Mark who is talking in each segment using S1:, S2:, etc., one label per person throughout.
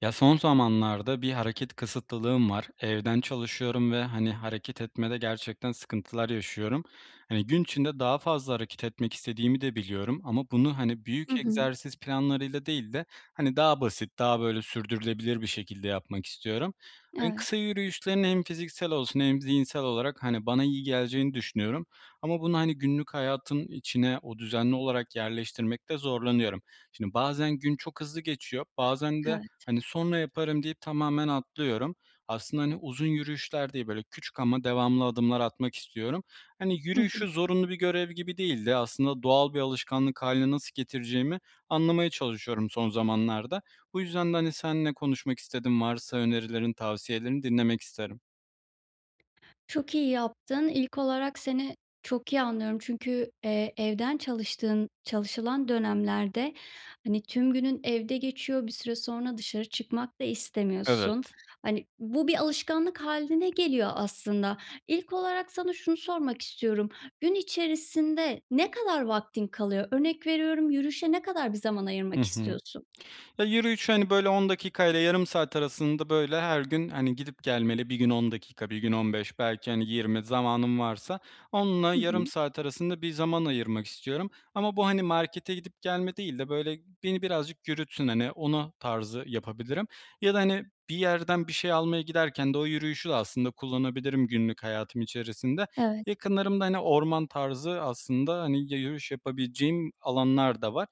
S1: Ya, son zamanlarda bir hareket kısıtlılığım var. Evden çalışıyorum ve, hani, hareket etmede gerçekten sıkıntılar yaşıyorum. Hani, gün içinde daha fazla hareket etmek istediğimi de biliyorum ama bunu, hani,
S2: Hı
S1: büyük
S2: hı.
S1: egzersiz planlarıyla değil de, hani, daha basit, daha, böyle, sürdürülebilir bir şekilde yapmak istiyorum. Hani,
S2: Evet.
S1: kısa yürüyüşlerin hem fiziksel olsun hem zihinsel olarak, hani, bana iyi geleceğini düşünüyorum ama bunu, hani, günlük hayatın içine, o, düzenli olarak yerleştirmekte zorlanıyorum. Şimdi, bazen gün çok hızlı geçiyor bazen de,
S2: Evet.
S1: hani, "Sonra yaparım." deyip tamamen atlıyorum. Aslında, hani, uzun yürüyüşler değil, böyle, küçük ama devamlı adımlar atmak istiyorum. Hani,
S2: Hı hı.
S1: yürüyüşü zorunlu bir görev gibi değil de, aslında doğal bir alışkanlık hâline nasıl getireceğimi anlamaya çalışıyorum son zamanlarda. Bu yüzden de, hani, seninle konuşmak istedim, varsa önerilerin, tavsiyelerini dinlemek isterim.
S2: Çok iyi yaptın. İlk olarak, seni çok iyi anlıyorum çünkü, eee, evden çalıştığın, çalışılan dönemlerde, hani, tüm günün evde geçiyor, bir süre sonra dışarı çıkmak da istemiyorsun.
S1: Evet.
S2: Hani, bu bir alışkanlık hâline geliyor aslında. İlk olarak, sana şunu sormak istiyorum: Gün içerisinde ne kadar vaktin kalıyor? Örnek veriyorum, yürüyüşe ne kadar bir zaman
S1: Hı
S2: ayırmak
S1: hı.
S2: istiyorsun?
S1: Ya, yürüyüşü, hani, böyle, 10 dakika ile yarım saat arasında, böyle, her gün, hani, gidip gelmeli. Bir gün 10 dakika, bir gün 15 belki, hani, 20 zamanım varsa 10'la,
S2: Hı
S1: yarım
S2: hı.
S1: saat arasında bir zaman ayırmak istiyorum ama bu, hani, markete gidip gelme değil de, böyle, beni birazcık yürütsün, hani, ona tarzı yapabilirim ya da, hani, bir yerden bir şey almaya giderken de o yürüyüşü de aslında kullanabilirim, günlük hayatım içerisinde.
S2: Evet.
S1: Yakınlarımda, hani, orman tarzı aslında, hani, ya yürüyüş yapabileceğim alanlar da var.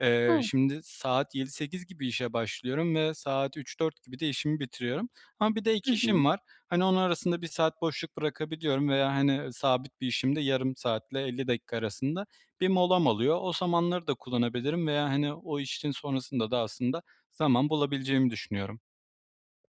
S1: Eee,
S2: O!
S1: şimdi saat 7.00-8.00 gibi işe başlıyorum ve saat 15.00-16.00 gibi de işimi bitiriyorum. Ama bir de ek
S2: Hı hı.
S1: işim var, hani, onu arasında 1 saat boşluk bırakabiliyorum veya, hani, sabit bir işimde yarım saatle, 50 dakika arasında bir molam oluyor. O zamanları da kullanabilirim veya, hani, o işin sonrasında da aslında zaman bulabileceğimi düşünüyorum.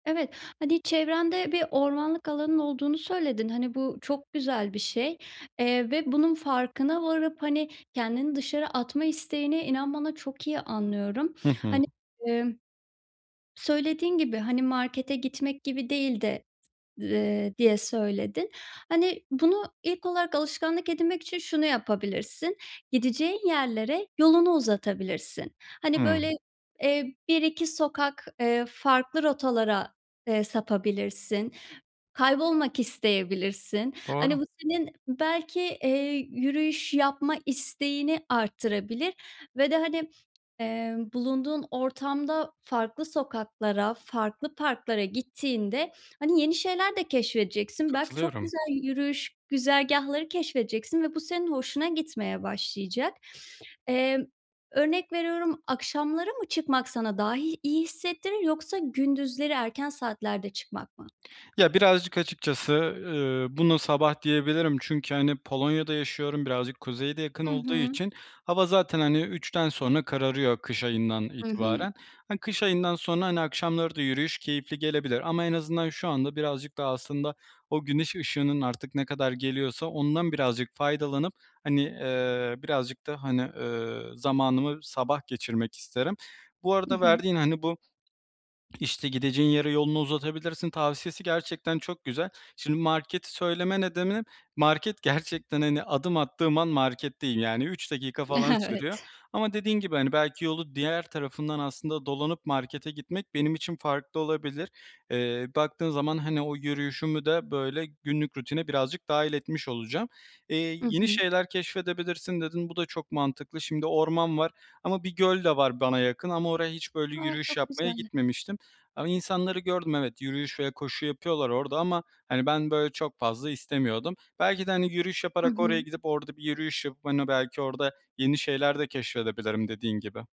S2: Evet, hani, çevrende bir ormanlık alanın olduğunu söyledin, hani, bu çok güzel bir şey, eee, ve bunun farkına varıp, hani, kendini dışarı atma isteğini, inan bana, çok iyi anlıyorum.
S1: Hı hı.
S2: Hani, ımm, söylediğin gibi, hani, markete gitmek gibi değil de, eee, diye söyledin. Hani, bunu ilk olarak alışkanlık edinmek için şunu yapabilirsin, gideceğin yerlere yolunu uzatabilirsin. Hani, böyle,
S1: Hımm.
S2: eee, 1-2 sokak, eee, farklı rotalara, eee, sapabilirsin, kaybolmak isteyebilirsin,
S1: Doğru.
S2: hani, bu senin belki, eee, yürüyüş yapma isteğini arttırabilir ve de, hani, eee, bulunduğun ortamda farklı sokaklara, farklı parklara gittiğinde, hani, yeni şeyler de keşfedeceksin. Belki, çok
S1: Katılıyorum.
S2: güzel yürüyüş güzergâhları keşfedeceksin ve bu senin hoşuna gitmeye başlayacak. Eee, örnek veriyorum, akşamları mı çıkmak sana daha i iyi hissettirir, yoksa gündüzleri erken saatlerde çıkmak mı?
S1: Ya, birazcık açıkçası, ııı, buna sabah diyebilirim çünkü, hani, Polonya'da yaşıyorum. Birazcık kuzeye de yakın
S2: Hı
S1: olduğu
S2: hı.
S1: için, hava zaten, hani, 3'ten sonra kararıyor, kış ayından
S2: Hı hı.
S1: itibaren. Hani, kış ayından sonra, hani, akşamları da yürüyüş keyifli gelebilir ama en azından şu anda birazcık daha aslında o güneş ışığının, artık ne kadar geliyorsa, ondan birazcık faydalanıp, hani, eee, birazcık da, hani, eee, zamanımı sabah geçirmek isterim. Bu
S2: Hı
S1: arada
S2: hı.
S1: verdiğin, hani, bu, işte, gideceğin yere yolunu uzatabilirsin tavsiyesi gerçekten çok güzel. Şimdi marketi söyleme nedenim market, gerçekten, hani, adım attığım an marketteyim. Yani, 3 dakika falan sürüyor
S2: Evet.
S1: ama dediğin gibi, hani, belki yolu diğer tarafından aslında dolanıp markete gitmek benim için farklı olabilir. Eee, baktığın zaman, hani, o yürüyüşümü de, böyle, günlük rutine birazcık dâhil etmiş olacağım. Eee,
S2: Hı
S1: yeni
S2: hı.
S1: şeyler keşfedebilirsin, dedin. Bu da çok mantıklı. Şimdi, orman var ama bir göl de var bana yakın ama oraya hiç, böyle,
S2: A!
S1: yürüyüş
S2: Çok
S1: yapmaya
S2: güzel.
S1: gitmemiştim ama insanları gördüm, evet, yürüyüş ve koşu yapıyorlar orada ama, hani, ben, böyle, çok fazla istemiyordum. Belki de, hani, yürüyüş
S2: Hı
S1: yaparak oraya
S2: hı.
S1: gidip, orada bir yürüyüş yapıp, hani, belki orada yeni şeyler de keşfedebilirim, dediğin gibi.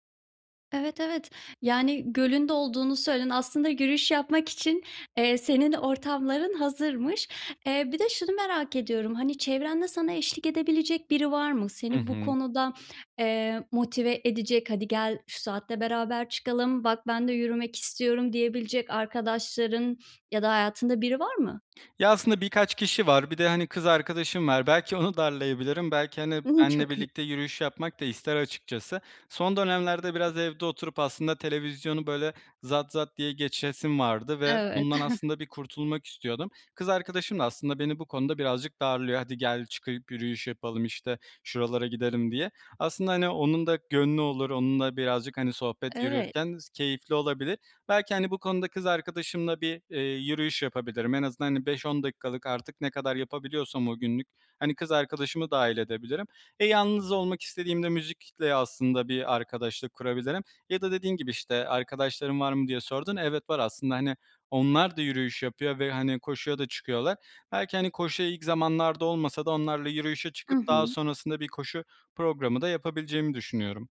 S2: Evet evet. Yani, gölün de olduğunu söyledin. Aslında yürüyüş yapmak için, eee, senin ortamların hazırmış. Eee, bir de şunu merak ediyorum; hani, çevrende sana eşlik edebilecek biri var mı?
S1: Hı
S2: Seni bu
S1: hı.
S2: konuda, eee, motive edecek. “Hadi gel, şu saatte beraber çıkalım. Bak, ben de yürümek istiyorum.“ diyebilecek arkadaşların ya da hayatında biri var mı?
S1: Ya aslında birkaç kişi var. Bir de, hani, kız arkadaşım var. Belki onu darlayabilirim. Belki, hani,
S2: Hımm,
S1: benle
S2: çok iyi.
S1: birlikte yürüyüş yapmak da ister açıkçası. Son dönemlerde biraz evde oturup aslında televizyonu, böyle, zat zat diye geçesim vardı ve
S2: Evet.
S1: bundan aslında bir kurtulmak istiyordum. Kız arkadaşım da aslında beni bu konuda birazcık darlıyor. “Hadi gel, çıkıp yürüyüş yapalım.“ işte, “şuralara gidelim.“ diye. Aslında hani onun da gönlü olur, onunla birazcık, hani, sohbet
S2: Evet.
S1: yürürken s keyifli olabilir. Belki, hani, bu konuda kız arkadaşımla bir, eee, yürüyüş yapabilirim en azından hani 5-10 dakikalık, artık ne kadar yapabiliyorsam o günlük. Hani, kız arkadaşımı dahil edebilirim. E, yalnız olmak istediğimde müzikle aslında bir arkadaşlık kurabilirim ya da dediğin gibi işte, “arkadaşların var mı?“ diye sordun, evet, var aslında. Hani, onlar da yürüyüş yapıyor ve, hani, koşuya da çıkıyorlar. Belki, hani, koşuya ilk zamanlarda olmasa da onlarla yürüyüşe
S2: Hı
S1: çıkıp, daha
S2: hı.
S1: sonrasında bir koşu programı da yapabileceğimi düşünüyorum.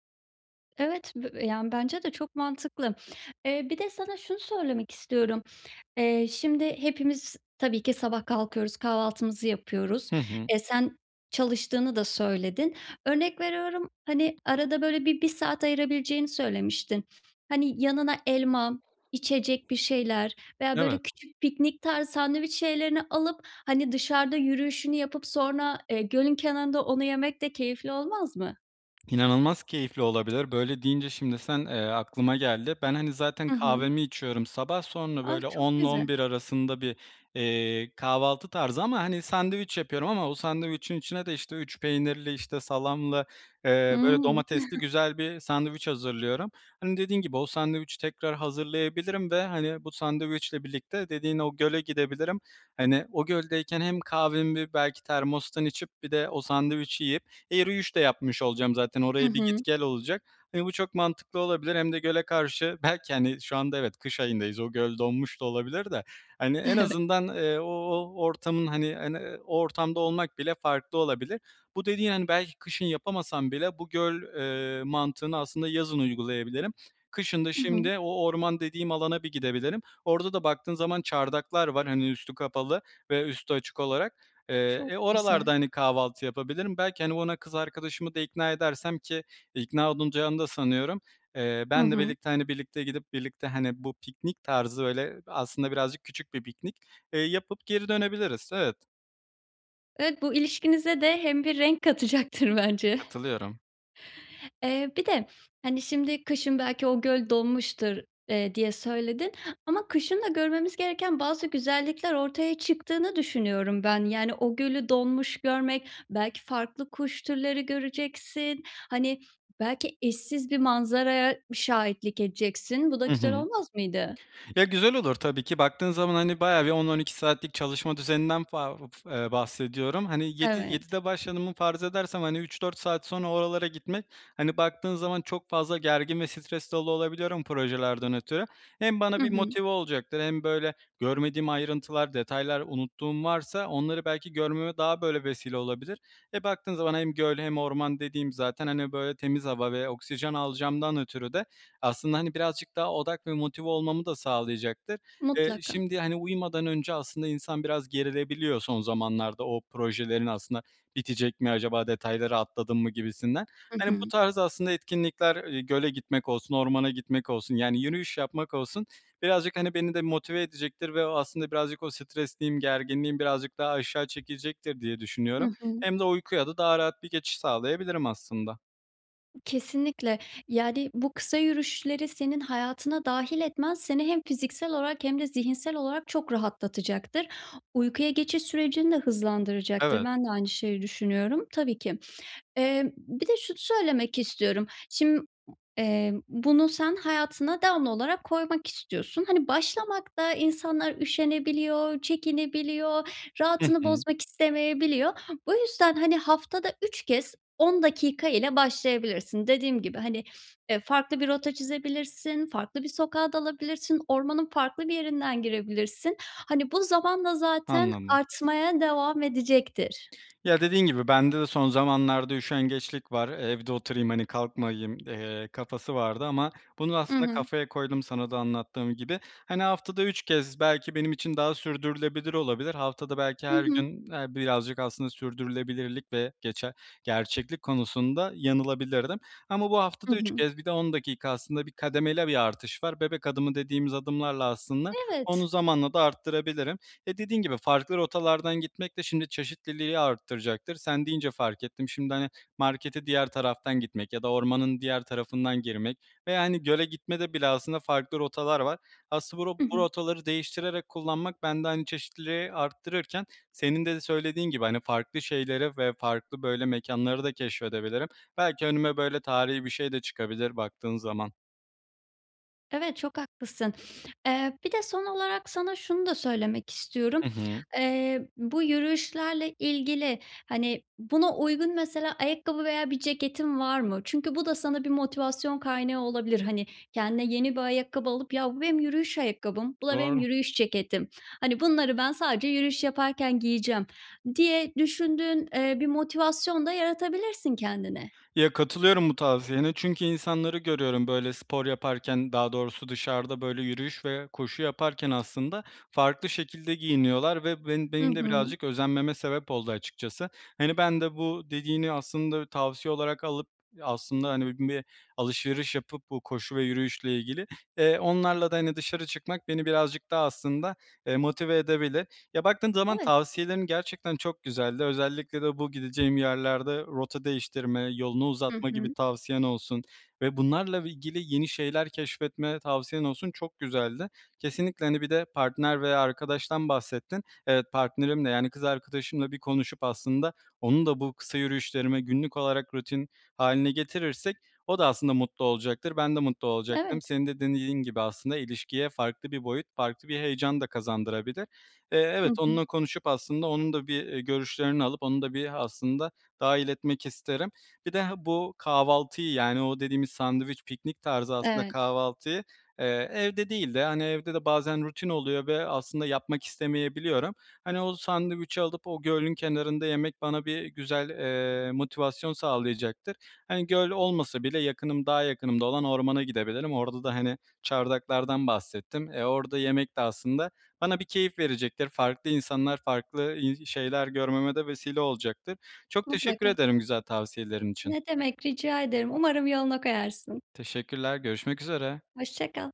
S2: Evet, b b yani bence de çok mantıklı. Eee, bir de sana şunu söylemek istiyorum: Eee, şimdi hepimiz tabii ki sabah kalkıyoruz, kahvaltımızı yapıyoruz.
S1: Hı hı.
S2: E, sen çalıştığını da söyledin. Örnek veriyorum, hani, arada böyle bir 1 saat ayırabileceğini söylemiştin. Hani, yanına elma, içecek bir şeyler veya böyle,
S1: Evet.
S2: küçük, piknik tarzı sandviç şeylerini alıp, hani, dışarıda yürüyüşünü yapıp sonra, eee, gölün kenarında onu yemek de keyifli olmaz mı?
S1: İnanılmaz keyifli olabilir, böyle deyince şimdi sen, eee, aklıma geldi. Ben, hani, zaten
S2: I hı.
S1: kahvemi içiyorum sabah, sonra
S2: Ah,
S1: böyle
S2: çok
S1: onla on
S2: güzel.
S1: bir arasında bir, eee, kahvaltı tarzı ama, hani, sandviç yapıyorum ama o sandviçin içine de işte 3 peynirli, işte, salamlı, eee, böyle
S2: Hımm..
S1: domatesli güzel bir sandviç hazırlıyorum. Hani, dediğin gibi, o sandviçi tekrar hazırlayabilirim ve, hani, bu sandviçle birlikte dediğin o göle gidebilirim. Hani, o göldeyken hem kahvemi belki termostan içip bir de o sandviçi yiyip e, yürüyüş de yapmış olacağım zaten
S2: I
S1: oraya bir git
S2: hı.
S1: gel olacak. Hani, bu çok mantıklı olabilir hem de göle karşı, belki, hani, şu anda evet, kış ayındayız, o göl donmuş da olabilir de, hani, en
S2: Evet.
S1: azından, eee, o o ortamın hani en, eee, o ortamda olmak bile farklı olabilir. Bu dediğin, hani, belki kışın yapamasam bile bu göl, eee, mantığını aslında yazın uygulayabilirim. Kışın da,
S2: I hı.
S1: şimdi, o orman dediğim alana bir gidebilirim. Orada da baktığın zaman çardaklar var, hani, üstü kapalı ve üstü açık olarak. Eee,
S2: Çok
S1: e, oralarda,
S2: güzel.
S1: hani, kahvaltı yapabilirim. Belki, hani, ona kız arkadaşımı da ikna edersem ki ikna olunacağını da sanıyorum, eee,
S2: I
S1: benle
S2: hı.
S1: birlikte, hani, birlikte gidip, birlikte, hani, bu piknik tarzı, böyle, aslında birazcık küçük bir piknik, eee, yapıp geri dönebiliriz. Evet.
S2: Evet, bu ilişkinize de hem bir renk katacaktır bence.
S1: Katılıyorum.
S2: Eee, bir de hani “şimdi, kışın belki o göl donmuştur“, eee, diye söyledin, ama kışın da görmemiz gereken bazı güzellikler ortaya çıktığını düşünüyorum ben. Yani, o gölü donmuş görmek, belki farklı kuş türleri göreceksin. Hani, belki eşsiz bir manzaraya şahitlik edeceksin. Bu da
S1: Hı
S2: güzel
S1: hı.
S2: olmaz mıydı?
S1: Ya, güzel olur tabii ki, baktığın zaman hani bayağı bir 10-12 saatlik çalışma düzeninden [unintelligible] eee, bahsediyorum. Hani 7
S2: Evet.
S1: 7'de başladığımı farz edersem hani 3-4 saat sonra oralara gitmek, hani, baktığın zaman çok fazla gergin ve stresli ola olabiliyorum projelerden ötürü. Hem
S2: Hı
S1: bana bir
S2: hı.
S1: motive olacaktır hem böyle görmediğim ayrıntılar, detaylar, unuttuğum varsa onları belki görmeme daha böyle vesile olabilir. E, baktığın zaman hem göl hem orman dediğim zaten, hani, böyle temiz hava ve oksijen alacağımdan ötürü de, aslında, hani, birazcık daha odak ve motive olmamı da sağlayacaktır. Eee,
S2: Mutlaka.
S1: şimdi, hani, uyumadan önce aslında insan biraz gerilebiliyor son zamanlarda, “o projelerin aslında bitecek mi, acaba detayları atladım mı“ gibisinden.
S2: Hı
S1: Hani, bu
S2: hı.
S1: tarz aslında etkinlikler; eee, göle gitmek olsun, ormana gitmek olsun, yani yürüyüş yapmak olsun, birazcık, hani, beni de motive edecektir ve o aslında birazcık o stresliğim, gerginliğim birazcık daha aşağı çekilecektir diye
S2: Hı
S1: düşünüyorum.
S2: hı.
S1: Hem de uykuya da daha rahat bir geçiş sağlayabilirim aslında.
S2: Kesinlikle, yani, bu kısa yürüyüşleri senin hayatına dâhil etmen, seni hem fiziksel olarak hem de zihinsel olarak çok rahatlatacaktır. Uykuya geçiş sürecini de hızlandıracaktır.
S1: Evet.
S2: Ben de aynı şeyi düşünüyorum. Tabii ki, eee, bir de şunu söylemek istiyorum. Şim eee, bunu sen hayatına devamlı olarak koymak istiyorsun. Hani, başlamakta insanlar üşenebiliyor, çekinebiliyor,
S1: Hı
S2: rahatını
S1: hı.
S2: bozmak istemeyebiliyor. Bu yüzden, hani, haftada 3 kez 10 dakika ile başlayabilirsin. Dediğim gibi, hani, e, farklı bir rota çizebilirsin, farklı bir sokağa dalabilirsin, ormanın farklı bir yerinden girebilirsin. Hani, bu zamanla zaten
S1: Anladım.
S2: artmaya devam edecektir.
S1: Ya, dediğin gibi, bende de son zamanlarda üşengeçlik var, evde oturayım, hani kalkmayayım, eee, kafası vardı ama bunu
S2: Hı
S1: aslında
S2: hı.
S1: kafaya koydum sana da anlattığım gibi. Hani, haftada 3 kez belki benim için daha sürdürülebilir olabilir. Haftada belki
S2: Hı
S1: her
S2: hı.
S1: gün, eee, birazcık aslında sürdürülebilirlik ve geçe gerçeklik konusunda yanılabilirdim ama bu
S2: Hı
S1: haftada 3
S2: hı.
S1: kez bir de 10 dakika, aslında bir kademeli bir artış var, “bebek adımı“ dediğimiz adımlarla aslında, onu
S2: Evet.
S1: zamanla da arttırabilirim. E, dediğin gibi, farklı rotalardan gitmek de, şimdi, çeşitliliği arttıracaktır. Sen deyince fark ettim, şimdi, hani, markete diğer taraftan gitmek ya da ormanın diğer tarafından girmek ve, yani, göle gitmede bile aslında farklı rotalar var. Asıl bu ro
S2: Hı
S1: bu
S2: hı.
S1: rotaları değiştirerek kullanmak, bende, hani, çeşitliliği arttırırken senin de de söylediğin gibi, hani, farklı şeylere ve farklı böyle mekânları da keşfedebilirim. Belki önüme, böyle, tarihî bir şey de çıkabilir, baktığın zaman.
S2: Evet çok haklısın. Eee, bir de son olarak sana şunu da söylemek istiyorum.
S1: Hı hı.
S2: Eee, bu yürüyüşlerle ilgili, hani, buna uygun mesela ayakkabı veya bir ceketin var mı? Çünkü bu da sana bir motivasyon kaynağı olabilir. Hani, kendine yeni bir ayakkabı alıp; “ya bu benim yürüyüş ayakkabım, bu da benim
S1: Doğru.
S2: yürüyüş ceketim. Hani, bunları ben sadece yürüyüş yaparken giyeceğim“ diye düşündüğün, eee, bir motivasyon da yaratabilirsin kendine.
S1: Ya, katılıyorum bu tavsiyene, çünkü insanları görüyorum, böyle, spor yaparken, daha doğrusu dışarıda, böyle, yürüyüş ve koşu yaparken aslında. Farklı şekilde giyiniyorlar ve bu ben
S2: Hı
S1: benim de
S2: hı.
S1: birazcık özenmeme sebep oldu açıkçası. Hani, ben de, bu dediğini aslında tavsiye olarak alıp, aslında, hani, bu bir alışveriş yapıp bu koşu ve yürüyüşle ilgili, eee, onlarla da hani dışarı çıkmak beni birazcık daha aslında, eee, motive edebilir. Ya, baktığın zaman
S2: Evet.
S1: tavsiyelerin gerçekten çok güzeldi. Özellikle de bu gideceğim yerlerde rota değiştirme, yolunu
S2: Hı
S1: uzatma gibi
S2: hı.
S1: tavsiyen olsun ve bunlarla ilgili yeni şeyler keşfetme tavsiyen olsun çok güzeldi. Kesinlikle, hani, bir de partner veya arkadaştan bahsettin. Evet, partnerimle, yani kız arkadaşımla bir konuşup, aslında onun da bu kısa yürüyüşlerime günlük olarak rutin haline getirirsek o da aslında mutlu olacaktır. Ben de mutlu olacaktım.
S2: Evet.
S1: Senin de dem dediğin gibi aslında ilişkiye farklı bir boyut, farklı bir heyecan da kazandırabilir. Eee,
S2: Hı
S1: evet
S2: hı.
S1: onunla konuşup aslında, onun da bir, eee, görüşlerini alıp, onun da bir aslında dahil etmek isterim. Bir de, ha bu kahvaltıyı, yani o dediğimiz sandviç, piknik tarzı aslında
S2: Evet.
S1: kahvaltıyı, eee, evde değil de, hani, evde de bazen rutin oluyor ve aslında yapmak istemeyebiliyorum. Hani, o sandviçi alıp, o gölün kenarında yemek bana bir güzel, eee, motivasyon sağlayacaktır. Hani, göl olmasa bile yakınım, daha yakınımda olan ormana gidebilirim. Orada da, hani, çardaklardan bahsettim. Eee, orada yemek de aslında bana bir keyif verecektir, farklı insanlar farklı, iii, şeyler görmeme de vesile olacaktır. Çok teşekkür
S2: Mutlaka.
S1: ederim güzel tavsiyelerin için.
S2: Ne demek, rica ederim, umarım yoluna koyarsın.
S1: Teşekkürler, görüşmek üzere.
S2: Hoşça kal.